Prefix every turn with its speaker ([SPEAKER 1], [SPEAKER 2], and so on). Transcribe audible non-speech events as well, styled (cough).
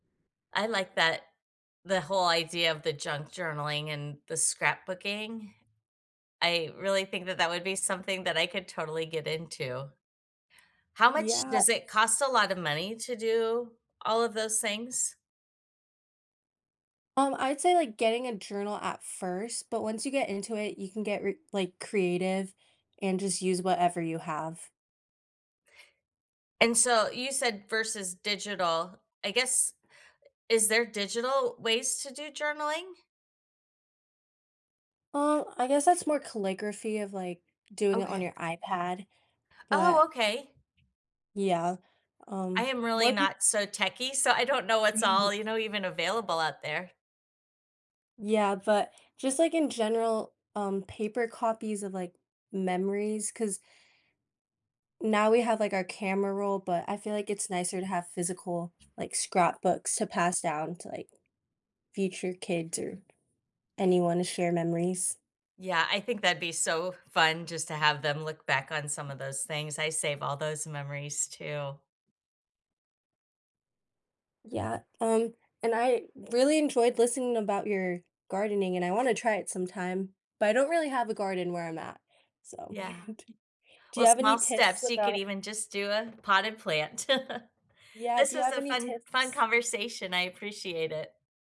[SPEAKER 1] I like that the whole idea of the junk-journaling and the scrapbooking. I really think that that would be something that I could totally get into. How much does it
[SPEAKER 2] Yes.
[SPEAKER 1] cost a lotta money to do all of those things?
[SPEAKER 2] Um, I'd say, like, getting a journal at first, but once you get into it, you can get re like, creative, and just use whatever you have.
[SPEAKER 1] And, so, you said, versus digital I guess is there digital ways to do journaling?
[SPEAKER 2] Well, I guess that's more calligraphy of, like, doing it on
[SPEAKER 1] Okay.
[SPEAKER 2] your iPad, but
[SPEAKER 1] Oh, okay.
[SPEAKER 2] Yeah,
[SPEAKER 1] I
[SPEAKER 2] um,
[SPEAKER 1] am really
[SPEAKER 2] more peop
[SPEAKER 1] not so techy, so, I don't know what's all,
[SPEAKER 2] (chuckles)
[SPEAKER 1] you know, even available out there.
[SPEAKER 2] Yeah, but, just, like, in general, um, paper copies of, like, memories, 'cause now we have, like, our camera roll, but I feel like it's nicer to have physical, like, scrapbooks to pass down to, like, future kids, or anyone to share memories.
[SPEAKER 1] Yeah, I think that'd be so fun, just to have them look back on some of those things, I save all those memories too.
[SPEAKER 2] Yeah, and and I really enjoyed listening about your gardening, and I wanna try it sometime, but I don't really have a garden where I'm at, so
[SPEAKER 1] Yeah.
[SPEAKER 2] (chuckles) t do you
[SPEAKER 1] Well,
[SPEAKER 2] have any
[SPEAKER 1] small
[SPEAKER 2] tips
[SPEAKER 1] steps, you could
[SPEAKER 2] about
[SPEAKER 1] even just do a potted plant. (laughs)
[SPEAKER 2] Yeah,
[SPEAKER 1] This
[SPEAKER 2] do you
[SPEAKER 1] is
[SPEAKER 2] have
[SPEAKER 1] a
[SPEAKER 2] any
[SPEAKER 1] fun fun
[SPEAKER 2] tips?
[SPEAKER 1] conversation, I appreciate it.